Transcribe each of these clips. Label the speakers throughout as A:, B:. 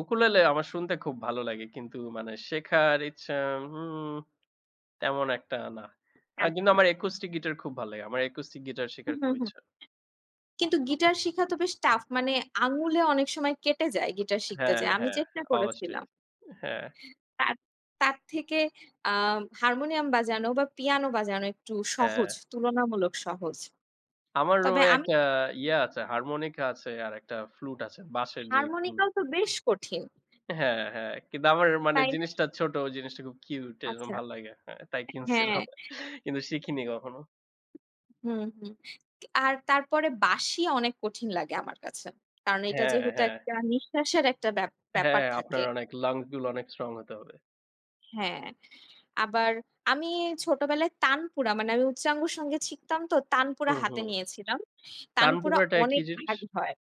A: Ukulele আমার শুনতে খুব ভালো লাগে. কিন্তু মানে শেখার ইচ্ছা হুম, তেমন একটা না। আ কিন্তু
B: আচ্ছা।
A: আমার acoustic guitar খুব ভাল লাগে। আমার acoustic guitar
B: হুম,
A: শেখার
B: হুম,
A: খুব
B: হুম।
A: ইচ্ছা।
B: কিন্তু গিটার শিখা তো বেশ tough, মানে আঙুলে অনেক সময় কেটে যায় গিটার শিখতে
A: হ্যাঁ,
B: যেয়ে। আমি
A: হ্যাঁ,
B: চেষ্টা
A: অবশ্যই।
B: করেছিলাম।
A: হ্যাঁ।
B: তার তার থেকে আ হারমোনিয়াম বাজানো বা পিয়ানো বাজানো একটু সহজ,
A: হ্যাঁ।
B: তুলনামূলক সহজ।
A: আমার
B: তবে
A: রুমে
B: আমি
A: একটা ইয়া আছে। Harmonica আছে। আর একটা flute আছে, বাঁশের যে
B: Harmonica
A: flute।
B: ও তো বেশ কঠিন।
A: হ্যাঁ, হ্যাঁ, কিন্তু আমার মানে
B: তাই না?
A: জিনিসটা ছোট, ও জিনিসটা খুব cute এজন্য
B: আচ্ছা।
A: ভালো লাগে। হ্যাঁ, তাই
B: হ্যাঁ।
A: কিনছিলাম। কিন্তু শিখিনি কখনো।
B: হুম, হুম। আ তারপরে বাঁশি অনেক কঠিন লাগে আমার কাছে। কারণ এটা
A: হ্যাঁ,
B: যেহেতু
A: হ্যাঁ।
B: একটা নিঃশ্বাসের একটা ব্যা ব্যাপার
A: হ্যাঁ,
B: থাকে।
A: আপনার অনেক lung গুলা অনেক strong হতে হবে।
B: হ্যাঁ। আবার আমি ছোটবেলায় তানপুরা মানে আমি উচ্চাঙ্গসঙ্গীত শিখতাম তো। তানপুরা
A: হুম,
B: হাতে
A: হুম।
B: নিয়েছিলাম। তানপুরা
A: তানপুরাটা কি
B: অনেক
A: জিনিস?
B: ভারী হয়।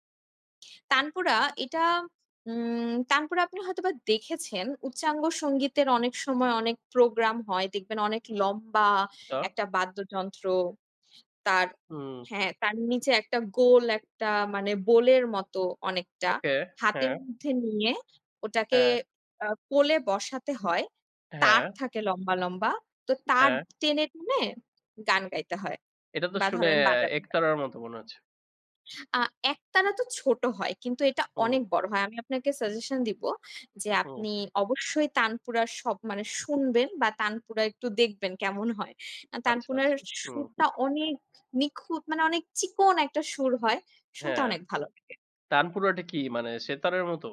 B: তানপুরা। এটা উম তানপুরা আপনি হয়তোবা দেখেছেন, উচ্চাঙ্গসঙ্গীতের অনেক সময় অনেক প্রোগ্রাম হয়, দেখবেন অনেক লম্বা
A: তা
B: একটা বাদ্যযন্ত্র। তার
A: হুম।
B: হ্যাঁ, তার নিচে একটা গোল একটা মানে bowl এর মতো অনেকটা।
A: ওকে।
B: হাতের
A: হ্যাঁ।
B: মধ্যে নিয়ে ওটাকে
A: হ্যাঁ।
B: আ কোলে বসাতে হয়। তার
A: হ্যাঁ।
B: থাকে লম্বা, লম্বা। তো তার
A: হ্যাঁ।
B: টেনে, টেনে গান গাইতে হয়
A: এটা তো
B: বা
A: শুনে
B: ধরেন
A: এ
B: বাজাতে হয়।
A: একতারার মতো মনে হচ্ছে।
B: আ একতারা তো ছোট হয় কিন্তু এটা
A: হু।
B: অনেক বড় হয়। আমি আপনাকে suggestion দিব যে
A: হু।
B: আপনি অবশ্যই তানপুরার সব মানে শুনবেন বা তানপুরা একটু দেখবেন, কেমন হয়। অ্যা
A: আচ্ছা,
B: তানপুনার
A: আচ্ছা।
B: সু
A: হুম।
B: সুরটা অনেক নিখুঁত, মানে অনেক চিকন একটা সুর হয়, শুনতে
A: হ্যাঁ।
B: অনেক ভালো লাগে।
A: তানপুরাটা কি মানে সেতারের মতো?